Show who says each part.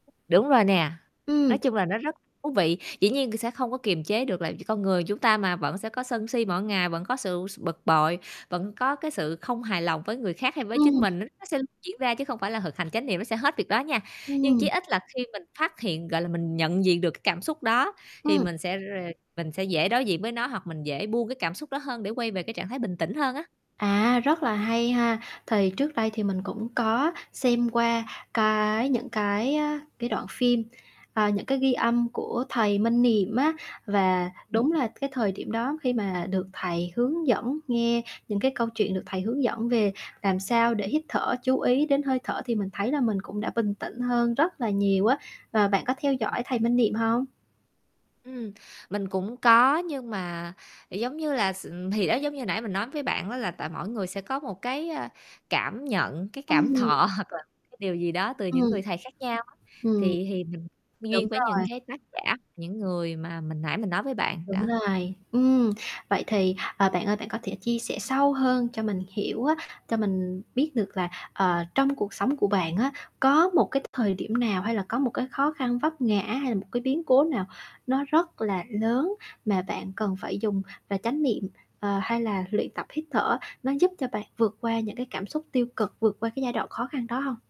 Speaker 1: Đúng rồi nè,
Speaker 2: Ừm.
Speaker 1: nói chung là nó rất thú vị. Dĩ nhiên sẽ không có kiềm chế được, là vì con người chúng ta mà, vẫn sẽ có sân si mỗi ngày, vẫn có sự s bực bội, vẫn có, cái, sự không hài lòng với người khác hay với chính
Speaker 2: Ừm.
Speaker 1: mình, nó nó sẽ diễn ra, chứ không phải là thực hành chánh niệm nó sẽ hết việc đó nha. Nhưng chí
Speaker 2: Ừm.
Speaker 1: ít là khi mình phát hiện, gọi là, mình nhận diện được, cái cảm xúc đó, thì
Speaker 2: Ừm.
Speaker 1: mình sẽ r mình sẽ dễ đối diện với nó hoặc mình dễ buông cái cảm xúc đó hơn để quay về cái trạng thái bình tĩnh hơn á.
Speaker 2: À, rất là hay ha. Thì trước đây thì mình cũng có xem qua cái những cái, à, cái đoạn phim, à, những cái ghi âm của thầy Minh Niệm á, và
Speaker 1: Ừm,
Speaker 2: đúng
Speaker 1: ừm.
Speaker 2: là cái thời điểm đó khi mà được thầy hướng dẫn, nghe những cái câu chuyện, được thầy hướng dẫn về làm sao để hít thở, chú ý đến hơi thở thì mình thấy là mình cũng đã bình tĩnh hơn rất là nhiều á, và bạn có theo
Speaker 1: Ừm.
Speaker 2: dõi thầy Minh Niệm hông?
Speaker 1: Ừm, mình cũng có, nhưng mà, giống như là, s ừm, thì đó, giống như nãy mình nói với bạn á là tại mỗi người sẽ có một, cái, ờ, cảm nhận, cái, cảm
Speaker 2: Ừm.
Speaker 1: thọ hoặc là, cái điều gì đó từ những
Speaker 2: Ừm.
Speaker 1: người thầy khác nhau á,
Speaker 2: Ừm.
Speaker 1: thì thì mình
Speaker 2: Đúng
Speaker 1: duyên với những,
Speaker 2: rồi.
Speaker 1: cái, tác giả, những người mà mình nãy mình nói với bạn,
Speaker 2: Đúng
Speaker 1: đó.
Speaker 2: rồi. Ừm, vậy thì, ờ, bạn ơi bạn có thể chia sẻ sâu hơn cho mình hiểu á, cho mình biết được là, ờ, trong cuộc sống của bạn á, có một cái thời điểm nào, hay là có một cái khó khăn vấp ngã, hay là một cái biến cố nào nó rất là lớn mà bạn cần phải dùng và chánh niệm, ờ, hay là luyện tập hít thở, nó giúp cho bạn vượt qua những cái cảm xúc tiêu cực, vượt qua cái giai đoạn khó khăn đó hông?